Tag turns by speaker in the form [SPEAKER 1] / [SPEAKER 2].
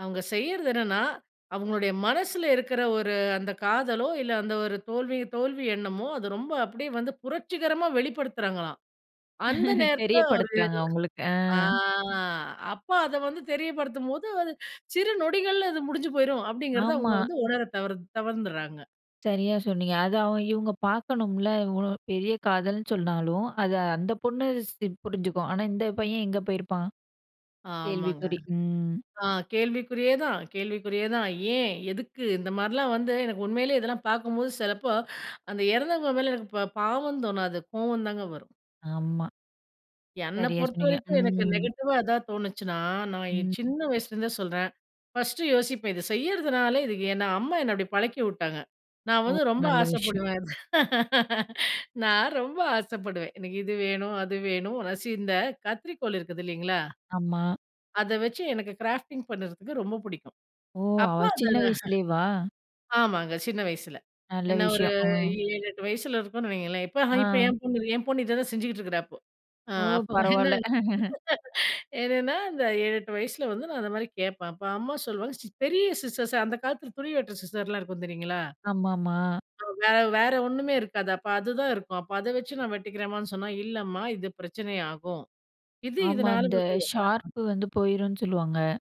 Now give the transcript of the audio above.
[SPEAKER 1] அவுங்க செய்யிறது என்னன்னா, அவுங்களுடைய மனசில இருக்கிற ஒரு, அந்த காதலோ! இல்ல அந்த ஒரு தோல்வி தோல்வி எண்ணமோ! அது ரொம்ப அப்பிடியே வந்து புரட்சிகரமா வெளிப்படுத்துறாங்களாம்! அந்த நேரத்தில ஒரு
[SPEAKER 2] தெரியப்படுத்துறாங்க உங்களுக்கு, அ.
[SPEAKER 1] அ, அப்ப அத வந்து தெரியப்படுத்தும்போது அது சிறு நொடிகள்ல இது முடிஞ்சு போயிரும், அப்பிடிங்கிறத அவுங்க
[SPEAKER 2] ஆமா.
[SPEAKER 1] வந்து உணர தவர் தவறிருராங்க.
[SPEAKER 2] சரியா சொன்னீங்க. அது அவு இவுங்க பார்க்கணும்ல. இவளோ பெரிய காதல்ன்னு சொன்னாலும், அத அந்த பொண்ணு ஸ்ப் புரிஞ்சுக்கும். ஆனா இந்த பையன் எங்க போயிருப்பான்?
[SPEAKER 1] ஆமாங்க.
[SPEAKER 2] கேள்விக்குறி! ம்.
[SPEAKER 1] அ கேள்விக்குறியே தான். கேள்விக்குறியே தான். ஏன்? எதுக்கு? இந்த மாரிலாம் வந்து எனக்கு உண்மையிலேயே இதெல்லாம் பார்க்கும்போது சிலப்போ, அந்த இறந்தவங்க மேல எனக்கு ப பாவம் தோணாது. கோவம் தாங்க வரும்.
[SPEAKER 2] ஆமா.
[SPEAKER 1] என்ன
[SPEAKER 2] சரியா சொன்னீங்க.
[SPEAKER 1] பொறுத்தவரைக்கும் எனக்கு
[SPEAKER 2] ம்.
[SPEAKER 1] நெகட்டிவா எதா தோணுச்சுன்னா, நான் என்
[SPEAKER 2] ம்.
[SPEAKER 1] சின்ன வயசுலேருந்தே சொல்றேன், ஃபர்ஸ்ட்டு யோசிப்பேன். இத செய்றதுனால இதுக்கு என்ன அம்மா என்ன அப்பிடி பழக்கி வுட்டாங்க. நான்
[SPEAKER 2] ஓ!
[SPEAKER 1] வந்து ரொம்ப
[SPEAKER 2] நல்ல விஷயம்.
[SPEAKER 1] ஆசைப்படுவேன். நான் ரொம்ப ஆசைப்படுவேன். எனக்கு இது வேணும். அது வேணும். ரசி இந்த கத்திரிக்கோல் இருக்குது இல்லைங்களா?
[SPEAKER 2] ஆமா.
[SPEAKER 1] அத வச்சு எனக்கு கிராஃப்டிங் பண்ணுறதுக்கு ரொம்ப பிடிக்கும்.
[SPEAKER 2] ஓ! அவ
[SPEAKER 1] அப்போ அத
[SPEAKER 2] சின்ன வயசுலேவா!
[SPEAKER 1] ஆமாங்க. சின்ன வயசில.
[SPEAKER 2] நல்ல
[SPEAKER 1] என்ன ஒரு
[SPEAKER 2] விஷயம், அ.
[SPEAKER 1] 7, 8 வயசில இருக்கோன்னு வையுங்களேன்! இப்ப ஹ
[SPEAKER 2] அ.
[SPEAKER 1] என் பொண்ணு என் பொண்ணு இத தான் செஞ்சுகிட்டு இருக்கிறா இப்போ! அ
[SPEAKER 2] ஓ!
[SPEAKER 1] அப்போ என்ன
[SPEAKER 2] பரவால்ல.
[SPEAKER 1] என்னன்னா, அந்த 7, 8 வயசில வந்து நான் அந்தமாரி கேட்பேன். அப்ப, அம்மா சொல்லுவாங்க "சிஸ் பெரிய சிஸர்ஸ்" அந்த காலத்தில துணி வெட்டுற சிஸர்லாம் இருக்கும் தெரியுங்களா?
[SPEAKER 2] ஆமாமா.
[SPEAKER 1] அ வே வேற ஒண்ணுமே இருக்காது. அப்ப அதுதான் இருக்கும். அப்ப அத வச்சு நான் வெட்டிக்கிறேம்மான்னு சொன்னா, "இல்லம்மா! இது பிரச்சனை ஆகும்" இது
[SPEAKER 2] ஆமா. இந்த
[SPEAKER 1] [unintelligible]
[SPEAKER 2] ஷார்ப் வந்து போயிருன்னு சொல்லுவாங்க.